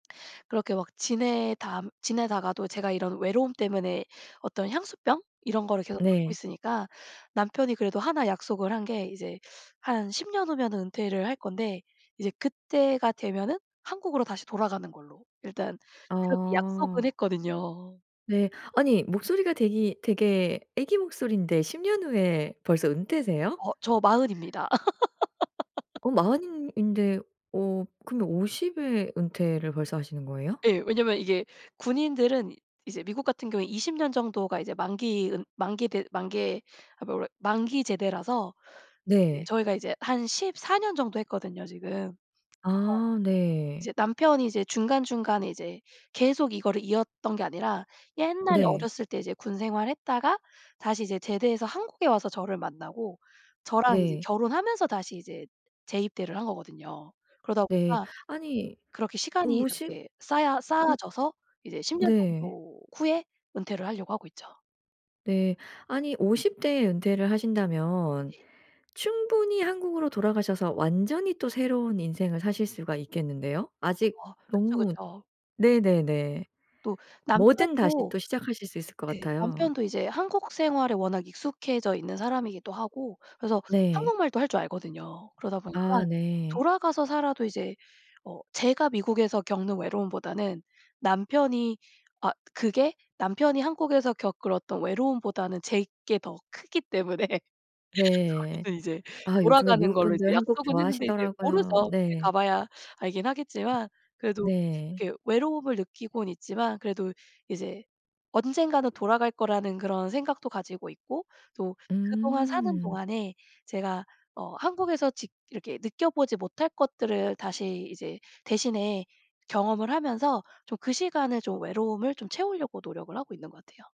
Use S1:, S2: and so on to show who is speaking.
S1: 그렇게 막 지내다 지내다가도 제가 이런 외로움 때문에 어떤 향수병 이런 거를 계속 갖고
S2: 네.
S1: 있으니까 남편이 그래도 1 약속을 한 게 이제 한 10 년 후면은 은퇴를 할 건데 이제 그때가 되면은 한국으로 다시 돌아가는 걸로 일단 그렇게 약속은
S2: 아.
S1: 했거든요.
S2: 네. 아니 목소리가 되기 되게 아기 목소리인데 10 년 후에 벌써 은퇴세요?
S1: 어 저 40 입니다.
S2: 어 40 인 인데 어 그러면 50 에 은퇴를 벌써 하시는 거예요?
S1: 예. 왜냐면 이게 군인들은 이제 미국 같은 경우에 20 년 정도가 이제 만기 은 만기 대 만개 아 뭐래 만기 제대라서 이제
S2: 네.
S1: 저희가 이제 한 14 년 정도 했거든요 지금. 그래서
S2: 아 네.
S1: 이제 남편이 이제 중간중간에 이제 계속 이거를 이었던 게 아니라 옛날에
S2: 네.
S1: 어렸을 때 이제 군 생활 했다가 다시 이제 제대해서 한국에 와서 저를 만나고 저랑 이제
S2: 네.
S1: 결혼하면서 다시 이제 재입대를 한 거거든요. 그러다
S2: 네.
S1: 보니까
S2: 아니
S1: 그렇게 시간이
S2: 50
S1: 이렇게 쌓야 쌓아
S2: 음.
S1: 져서 이제 10 년
S2: 네.
S1: 정도 후에 은퇴를 하려고 하고 있죠.
S2: 네. 아니 50 대에 은퇴를 하신다면
S1: 네.
S2: 충분히 한국으로 돌아가셔서 완전히 또 새로운 인생을 사실 수가 있겠는데요. 아직
S1: 어 그쵸,
S2: 너무
S1: 그쵸.
S2: 네네네.
S1: 또
S2: 뭐든 다시
S1: 남편도
S2: 또 시작하실 수 있을 것
S1: 네
S2: 같아요.
S1: 남편도 이제 한국 생활에 워낙 익숙해져 있는 사람이기도 하고 그래서
S2: 네.
S1: 한국말도 할 줄 알거든요. 그러다 보니까
S2: 아 네.
S1: 돌아가서 살아도 이제 어 제가 미국에서 겪는 외로움보다는 남편이 아 그게 남편이 한국에서 겪을 어떤 외로움보다는 제 게 더 크기 때문에
S2: 네.
S1: 저희는 이제
S2: 아 요즘에
S1: 돌아가는
S2: 미국
S1: 걸로 이제
S2: 분들 한국
S1: 약속은 했는데 이제
S2: 좋아하시더라고요.
S1: 모르죠. 그때
S2: 네.
S1: 가봐야 알긴 하겠지만 그래도
S2: 네.
S1: 이렇게 외로움을 느끼고는 있지만 그래도 이제 언젠가는 돌아갈 거라는 그런 생각도 가지고 있고 또 그동안 사는
S2: 음.
S1: 동안에 제가 어 한국에서 직 이렇게 느껴보지 못할 것들을 다시 이제 대신에 경험을 하면서 좀 그 시간에 좀 외로움을 좀 채우려고 노력을 하고 있는 것 같아요.